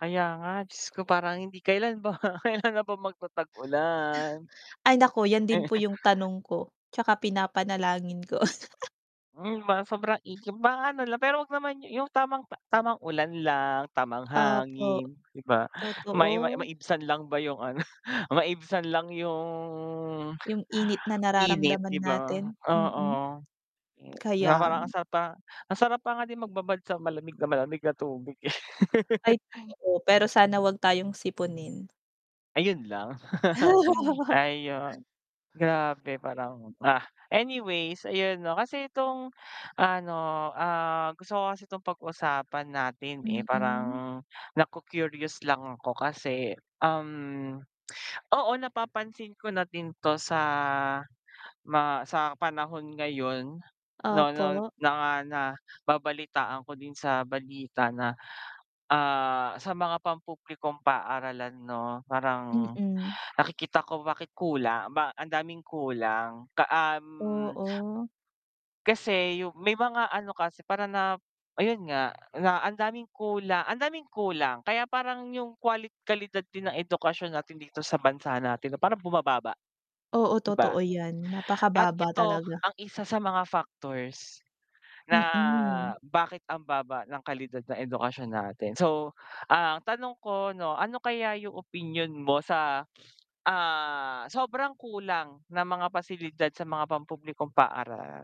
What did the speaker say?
Kaya nga, Diyos ko parang hindi. Kailan ba, kailan na ba magtatag-ulan? Ay, naku yan din po yung tanong ko, tsaka pinapanalangin ko. Hmm, ma sobrang igib maano la pero wag naman yu yung tamang ta tamang ulan lang, tamang Opo. hangin, 'di ba? Ma i -ma Totoo. maibsan lang ba yung ano, maibsan lang yung Yung init na init, 'di nararamdaman ba? natin, Oo, mm. eh, na Kaya parang ang nga. sarap pa ang sarap pa nga din magbabad sa malamig na malamig na tubig eh. Ay, Hay. totoo pero sana wag tayong sipunin. Ayun lang. Hay, ayun. Grabe parang, ah! Anyways ayun, 'no, kasi itong, ano, ah, gusto ko kasi itong pag-usapan natin, eh, Mm. parang naku-curious lang ako kasi, um, oo, napapansin ko na din to sa ma sa panahon ngayon, no no Opo. na nababalitaan ko din sa balita na, ah, sa mga pampublikong paaralan, 'no, parang Mm. nakikita ko bakit kula ba ang daming kulang ka um Oo. kasi yung, may mga ano kasi para na ayun nga, na ang daming kula ang daming kulang kaya parang yung qualit kalidad din ng edukasyon natin dito sa bansa natin no, parang bumababa, Oo, 'di totoo ba? yan, At napakababa ito talaga. ang isa sa mga factors na Mm. bakit ang baba ng kalidad ng edukasyon natin. So, ah, ang tanong ko, 'no, ano kaya yung opinyon mo sa, ah, sobrang kulang ng mga pasilidad sa mga pampublikong paaralan.